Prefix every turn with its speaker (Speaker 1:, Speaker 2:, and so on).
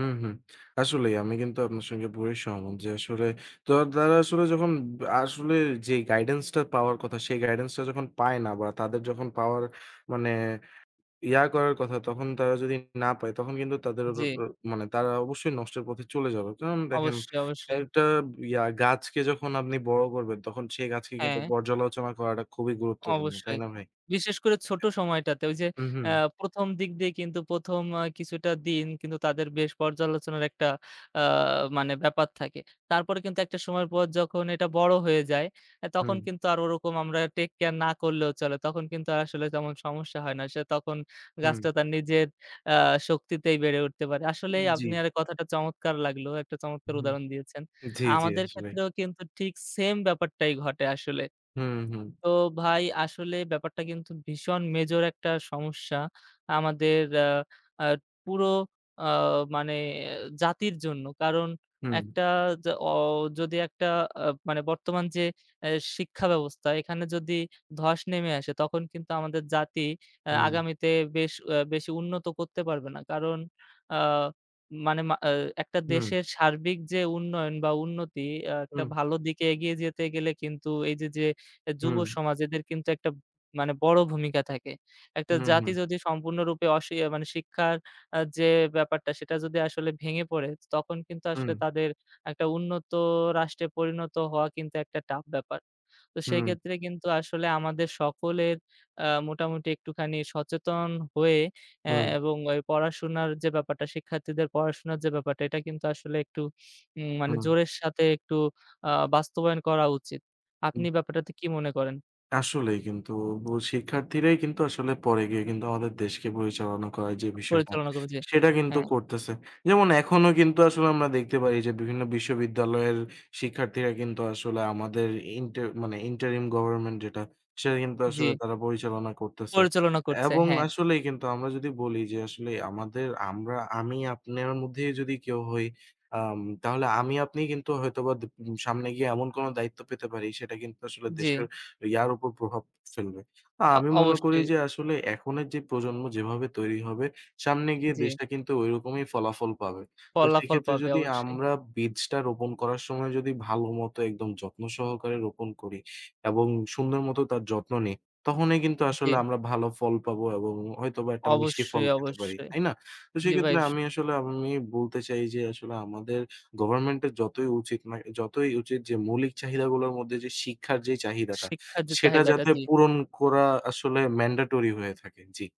Speaker 1: হুম, হুম। আসলেই আমি কিন্তু আপনার সঙ্গে পুরোই সহমত যে আসলে, তো তারা আসলে যখন বা আসলে যেই গাইডেন্সটা পাওয়ার কথা সেই গাইডেন্সটা যখন পায় না বা তাদের যখন পাওয়ার মানে ইয়া করার কথা তখন, তারা যদি না পায় তখন কিন্তু তাদের র র
Speaker 2: জি।
Speaker 1: মানে তারা অবশ্যই নষ্টের পথে চলে যাবে। কারণ দেখেন
Speaker 2: অবশ্যই, অবশ্যই।
Speaker 1: একটা ইয়া গাছকে যখন আপনি বড় করবেন তখন সেই গাছকে কিন্তু
Speaker 2: হ্যাঁ।
Speaker 1: পর্যালোচনা করাটা খুবই গুরুত্বপূর্ণ। তাই
Speaker 2: অবশ্যই।
Speaker 1: না ভাই?
Speaker 2: বিশেষ করে ছোটো সময়টাতে ঐ যে,
Speaker 1: উহুম।
Speaker 2: অ্যাঁ প্রথম দিক দিয়ে কিন্তু ১ম অ্যা কিছুটা দিন কিন্তু তাদের বেশ পর্যালোচনার একটা অ্যা মানে ব্যাপার থাকে। তারপরে কিন্তু একটা সময়ের পর যখন এটা বড় হয়ে যায়, অ্যা তখন
Speaker 1: হুম।
Speaker 2: কিন্তু আর ওরকম আমরা টেক কেয়ার না করলেও চলে। তখন কিন্তু আর আসলে তেমন সমস্যা হয় না। সে তখন
Speaker 1: হুম।
Speaker 2: গাছটা তার নিজের অ্যা শক্তিতেই বেড়ে উঠতে পারে।
Speaker 1: উম
Speaker 2: আসলেই
Speaker 1: জি।
Speaker 2: আপনার কথাটা চমৎকার লাগলো। একটা চমৎকার
Speaker 1: হুম।
Speaker 2: উদাহরণ দিয়েছেন।
Speaker 1: জি, জি
Speaker 2: আমাদের
Speaker 1: আসলেই।
Speaker 2: ক্ষেত্রেও কিন্তু ঠিক same ব্যাপারটাই ঘটে আসলে।
Speaker 1: হুম, হুম।
Speaker 2: তো ভাই, আসলে ব্যাপারটা কিন্তু ভীষণ major একটা সমস্যা। আমাদের অ্যা অ্যা পুরো অ মানে জাতির জন্য। কারণ
Speaker 1: হুম।
Speaker 2: একটা জ অ যদি একটা অ্যা মানে বর্তমান যে অ্যা শিক্ষা ব্যবস্থা, এখানে যদি ধস নেমে আসে তখন কিন্তু আমাদের জাতি অ্যা
Speaker 1: হুম।
Speaker 2: আগামীতে বেশ অ্যা বেশি উন্নত করতে পারবে না। কারণ আ মানে মা এ একটা
Speaker 1: হুম।
Speaker 2: দেশের সার্বিক যে উন্নয়ন বা উন্নতি, অ্যা একটা
Speaker 1: হুম।
Speaker 2: ভালো দিকে এগিয়ে যেতে গেলে কিন্তু এই যে, যে এ যুব
Speaker 1: হুম।
Speaker 2: সমাজ এদের কিন্তু একটা মানে বড় ভূমিকা থাকে। একটা জাতি
Speaker 1: উহুম।
Speaker 2: যদি সম্পূর্ণরূপে অশি আ মানে শিক্ষার অ্যা যে ব্যাপারটা সেটা যদি আসলে ভেঙে পড়ে, তখন কিন্তু আসলে
Speaker 1: হুম।
Speaker 2: তাদের একটা উন্নত রাষ্ট্রে পরিণত হওয়া কিন্তু একটা tough ব্যাপার। তো
Speaker 1: হুম।
Speaker 2: সেইক্ষেত্রে কিন্তু আসলে আমাদের সকলের অ্যা মোটামুটি একটুখানি সচেতন হয়ে অ্যা
Speaker 1: হুম।
Speaker 2: এবং ওই পড়াশোনার যে ব্যাপারটা, শিক্ষার্থীদের পড়াশোনার যে ব্যাপারটা এটা কিন্তু আসলে একটু উম মানে
Speaker 1: হুম।
Speaker 2: জোরের সাথে একটু আ বাস্তবায়ন করা উচিত। আপনি ব্যাপারটাতে কি মনে করেন?
Speaker 1: আসলেই কিন্তু বু শিক্ষার্থীরাই কিন্তু আসলে পরে গিয়ে কিন্তু আমাদের দেশকে পরিচালনা করার যে বিষয়টা,
Speaker 2: পরিচালনা করবে, জি।
Speaker 1: সেটা কিন্তু
Speaker 2: হ্যাঁ।
Speaker 1: করতেছে। যেমন এখনও কিন্তু আসলে আমরা দেখতে পারি যে বিভিন্ন বিশ্ববিদ্যালয়ের শিক্ষার্থীরা কিন্তু আসলে আমাদের ইন্টার মানে ইন্টারিম গভর্নমেন্ট যেটা, সেটা কিন্তু আসলে
Speaker 2: জি।
Speaker 1: তারা পরিচালনা করতেছে।
Speaker 2: পরিচালনা করছে,
Speaker 1: এবং
Speaker 2: হ্যাঁ।
Speaker 1: আসলেই কিন্তু আমরা যদি বলি যে আসলেই আমাদের আমরা, আমি আপনের মধ্যেই যদি কেউ হই আম তাহলে আমি আপনি কিন্তু হয়তোবা দু উম সামনে গিয়ে এমন কোন দায়িত্ব পেতে পারি সেটা কিন্তু আসলে দেশের
Speaker 2: জি।
Speaker 1: ইয়ার উপর প্রভাব ফেলবে। আ
Speaker 2: অ
Speaker 1: আমি মনে করি
Speaker 2: অবশ্যই।
Speaker 1: যে আসলে এখনের যে প্রজন্ম যেভাবে তৈরি হবে, সামনে গিয়ে
Speaker 2: জি।
Speaker 1: দেশটা কিন্তু ওই রকমই ফলাফল পাবে। তো
Speaker 2: ফলাফল
Speaker 1: সেক্ষেত্রে
Speaker 2: পাবে
Speaker 1: যদি
Speaker 2: অবশ্যই।
Speaker 1: আমরা বীজটা রোপণ করার সময় যদি ভালোমতো একদম যত্ন সহকারে রোপণ করি এবং সুন্দর মতো তার যত্ন নেই, তখনই কিন্তু আসলে
Speaker 2: জি।
Speaker 1: আমরা ভালো ফল পাব এবং হয়তোবা একটা মিষ্টি ফল
Speaker 2: অবশ্যই,
Speaker 1: পেতে পারি,
Speaker 2: অবশ্যই।
Speaker 1: তাই না? তো
Speaker 2: জি ভাই
Speaker 1: সেক্ষেত্রে
Speaker 2: স
Speaker 1: আমি আসলে আমি বলতে চাই যে আসলে আমাদের গভর্নমেন্টের যতই উচিত না যতই উচিত যে মৌলিক চাহিদাগুলোর মধ্যে যে শিক্ষার যেই চাহিদাটা,
Speaker 2: শিক্ষার যে
Speaker 1: সেটা
Speaker 2: চাহিদাটা,
Speaker 1: যাতে
Speaker 2: জি।
Speaker 1: পূরণ করা আসলে ম্যান্ডেটরি হয়ে থাকে। জি।